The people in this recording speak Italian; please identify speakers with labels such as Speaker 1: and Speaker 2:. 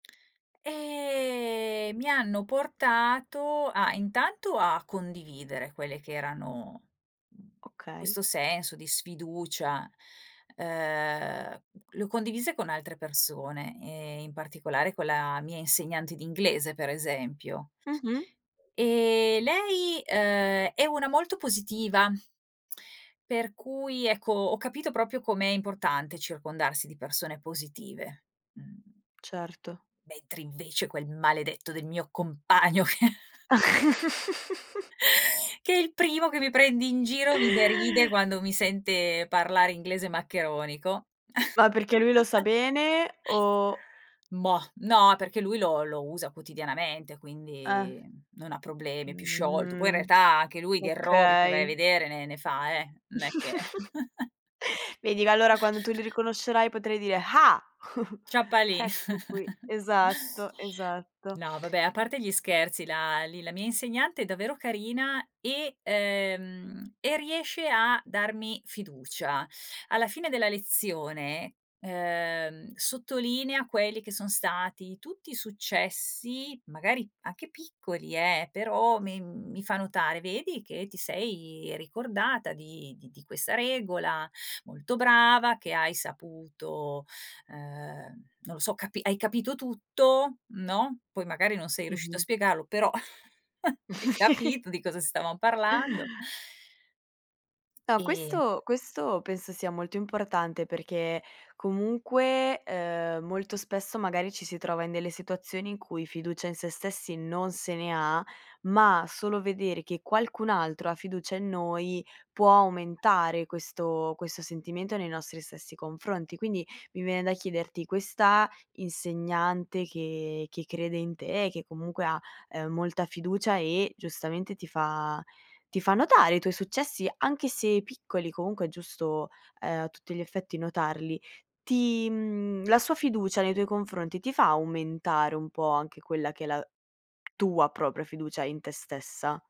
Speaker 1: E mi hanno portato, a intanto, a condividere quelle che erano, mhmm,
Speaker 2: Okay.
Speaker 1: questo senso di sfiducia. Uhm, l'ho condivise con altre persone e in particolare con la mia insegnante di inglese, per esempio.
Speaker 2: Mh-mh.
Speaker 1: E lei uhm, è una molto positiva. Per cui, ecco, ho capito proprio com'è importante circondarsi di persone positive. Mh.
Speaker 2: Certo.
Speaker 1: Mentre, invece, quel maledetto del mio compagno che che è il primo che mi prende in giro mi deride quando mi sente parlare inglese maccheronico.
Speaker 2: Ma perché lui lo sa bene o
Speaker 1: Mah, no perché lui lo lo usa quotidianamente
Speaker 2: Eh.
Speaker 1: quindi non ha problemi, è più sciolto. Poi in
Speaker 2: Mh.
Speaker 1: realtà anche lui di errori se vai a
Speaker 2: Okay.
Speaker 1: vedere ne ne fa, eh, non è che
Speaker 2: Vedi g allora quando tu li riconoscerai potrai dire: "Ah,
Speaker 1: [unintelligible] lì.
Speaker 2: ecco qui." Esatto, esatto.
Speaker 1: No, vabbè a parte gli scherzi la, lì la mia insegnante è davvero carina e ehm, e riesce a darmi fiducia. Alla fine della lezione ehm, sottolinea quelli che sono stati tutti successi, magari anche piccoli eh, però mi mi fa notare: "Vedi che ti sei ricordata di di di questa regola, molto brava che hai saputo", ehm, non lo so "Capi hai capito tutto, no". Poi magari non sei riuscita a
Speaker 2: Mh-mh.
Speaker 1: spiegarlo, però hai capito di cosa stavamo parlando.
Speaker 2: No,
Speaker 1: Ehm
Speaker 2: questo questo penso sia molto importante perché comunque, uhm, molto spesso magari ci si trova in delle situazioni in cui fiducia in sé stessi non se ne ha. Ma solo vedere che qualcun altro ha fiducia in noi può aumentare questo questo sentimento nei nostri stessi confronti. Quindi, mi viene da chiederti, questa insegnante che che crede in te, che comunque ha, ehm, molta fiducia e, giustamente, ti fa ti fa notare i tuoi successi, anche se piccoli comunque è giusto, ehm, a tutti gli effetti notarli. Ti, la sua fiducia, nei tuoi confronti, ti fa aumentare un po' anche quella che è la tua propria fiducia in te stessa?